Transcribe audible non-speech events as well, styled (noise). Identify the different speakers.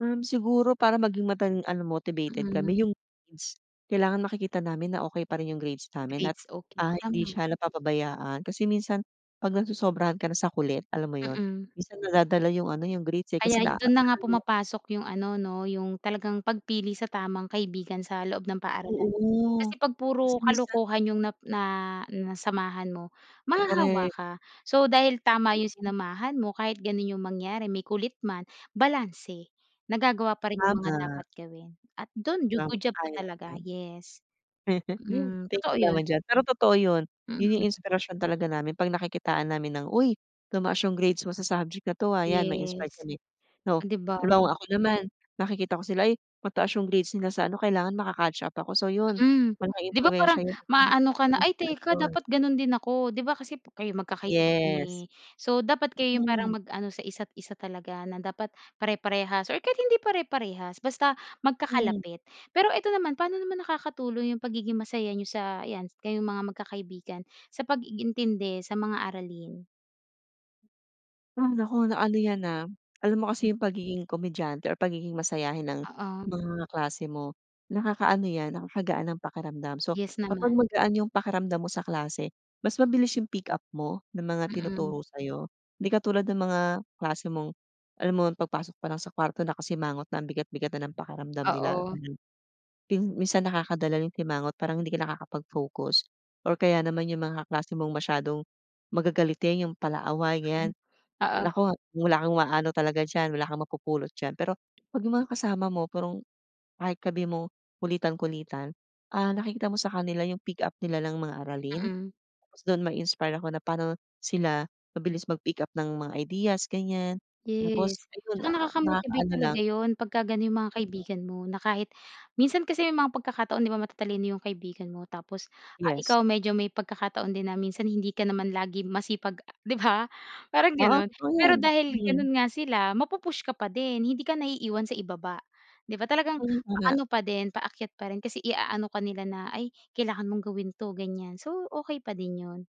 Speaker 1: Um, siguro para maging matan ano motivated
Speaker 2: Mm.
Speaker 1: kami 'yung grades, kailangan makikita namin na okey pa rin 'yung grades namin at,
Speaker 2: Grades, okey
Speaker 1: ah, hindi
Speaker 2: tama.
Speaker 1: siya napapabayaan kasi minsan 'pag nasosobrahan ka na sa kulit, alam mo 'yun,
Speaker 2: Mm.
Speaker 1: minsan nadadala 'yung ano, 'yung grades eh,
Speaker 2: Kaya
Speaker 1: kasi na a
Speaker 2: dun na nga
Speaker 1: ano.
Speaker 2: pumapasok 'yung ano 'no, 'yung talagang pagpili sa tamang kaibigan sa loob ng paaralan.
Speaker 1: Oo.
Speaker 2: Kasi 'pag
Speaker 1: Kasi
Speaker 2: puro
Speaker 1: minsan
Speaker 2: kalokohan 'yung na na nasamahan mo, mahahawa
Speaker 1: Korek.
Speaker 2: ka. So dahil tama 'yung
Speaker 1: Mm.
Speaker 2: sinamahan mo, kahit gano'n 'yung mangyari may kulit man, balanse, nagagawa pa rin 'yung mga
Speaker 1: Tama.
Speaker 2: dapat gawin at do'n ju
Speaker 1: Tama
Speaker 2: good job ka
Speaker 1: ay
Speaker 2: talaga,
Speaker 1: okey.
Speaker 2: yes.
Speaker 1: (laughs)
Speaker 2: Mm,
Speaker 1: Thank
Speaker 2: totoo
Speaker 1: you
Speaker 2: 'yun.
Speaker 1: naman diyan, pero totoo 'yun, 'yun 'yung
Speaker 2: Mm.
Speaker 1: inspirasyon talaga namin 'pag nakikitaan namin ng, "Uy tumaas 'yung grades mo sa subject na 'to, ah." 'yan ma-inspired
Speaker 2: Yes.
Speaker 1: kami.
Speaker 2: Oh,
Speaker 1: So,
Speaker 2: 'di ba?
Speaker 1: halimbawa ako naman nakikita ko sila, "Ay mataas 'yung grades nila sa ano, kailangan maka-catch up ako." So 'yun,
Speaker 2: Mm,
Speaker 1: malaking
Speaker 2: 'di ba
Speaker 1: impluwensiya
Speaker 2: parang
Speaker 1: 'yun sa'kin
Speaker 2: maaano ka
Speaker 1: at
Speaker 2: na, "ay teka,
Speaker 1: inspirasyon.
Speaker 2: dapat gano'n din ako," 'di ba, kasi kayo magkakaibigan
Speaker 1: Yes.
Speaker 2: eh, so dapat kayo 'yung parang
Speaker 1: Hmm.
Speaker 2: mag-ano sa isa't isa talaga na dapat pare-parehas or kahit hindi pare-parehas, basta
Speaker 1: Hmm.
Speaker 2: magkakalapit. Pero eto naman, pano naman nakakatulong 'yung pagiging masaya niyo sa ayan kayong mga magkakaibigan sa pag-iintindi sa mga aralin?
Speaker 1: Ay naku, na ano 'yan, ah, alam mo kasi 'yung pagiging komedyante or pagiging masayahin ng
Speaker 2: Oo.
Speaker 1: mga kaklase mo, nakakaano 'yan nakakagaan ng pakiramdam. So
Speaker 2: Yes, naman.
Speaker 1: kapag magaan 'yung pakiramdam mo sa klase, mas mabilis 'yung pick up mo ng mga
Speaker 2: Mm.
Speaker 1: tinuturo sa'yo. Hindi katulad ng mga kaklase mong alam mo ang pagpasok pa lang sa kwarto nakasimangot na ang bigat-bigat na ng pakiramdam nila,
Speaker 2: Oo.
Speaker 1: mhm, ping minsan nakakadala 'yung simangot parang hindi ka nakakapag-focus, or kaya naman 'yung mga kaklase mong masyadong magagalitin, 'yung palaaway
Speaker 2: Hmm,
Speaker 1: ganiyan.
Speaker 2: oo.
Speaker 1: Naku, wala kang maano talaga diyan, wala kang mapupulot diyan. Pero 'pag 'yung mga kasama mo parang kahit sabihin mong kulitan-kulitan, ah, nakikita mo sa kanila 'yung pick up nila ng mga aralin,
Speaker 2: Mm.
Speaker 1: tas do'n mai-inspire ako na pa'no sila mabilis mag-pick up ng mga ideas ganiyan. Tapos
Speaker 2: Yes,
Speaker 1: ayun
Speaker 2: tsaka
Speaker 1: na a
Speaker 2: nakaka motivate
Speaker 1: nakakaano
Speaker 2: talaga
Speaker 1: lang.
Speaker 2: 'yun pagka gano'n 'yung mga
Speaker 1: Mhm.
Speaker 2: kaibigan mo, na kahit minsan kasi may mga pagkakataon 'di ba, matatalino 'yung kaibigan mo tapos ah,
Speaker 1: Yes.
Speaker 2: ikaw medyo may pagkakataon din na minsan hindi ka naman lagi masipag 'di ba, parang
Speaker 1: Oo,
Speaker 2: gano'n.
Speaker 1: totoo
Speaker 2: Pero
Speaker 1: 'yan.
Speaker 2: dahil
Speaker 1: Mm.
Speaker 2: gano'n nga sila, mapu push ka pa din, hindi ka naiiwan sa ibaba. 'Di ba,
Speaker 1: (unintelligible)
Speaker 2: talagang
Speaker 1: Oo nga.
Speaker 2: paano pa din paakyat pa rin, kasi iaano ka nila na, "ay, kailangan mong gawin 'to," ganiyan. So okey pa din 'yun.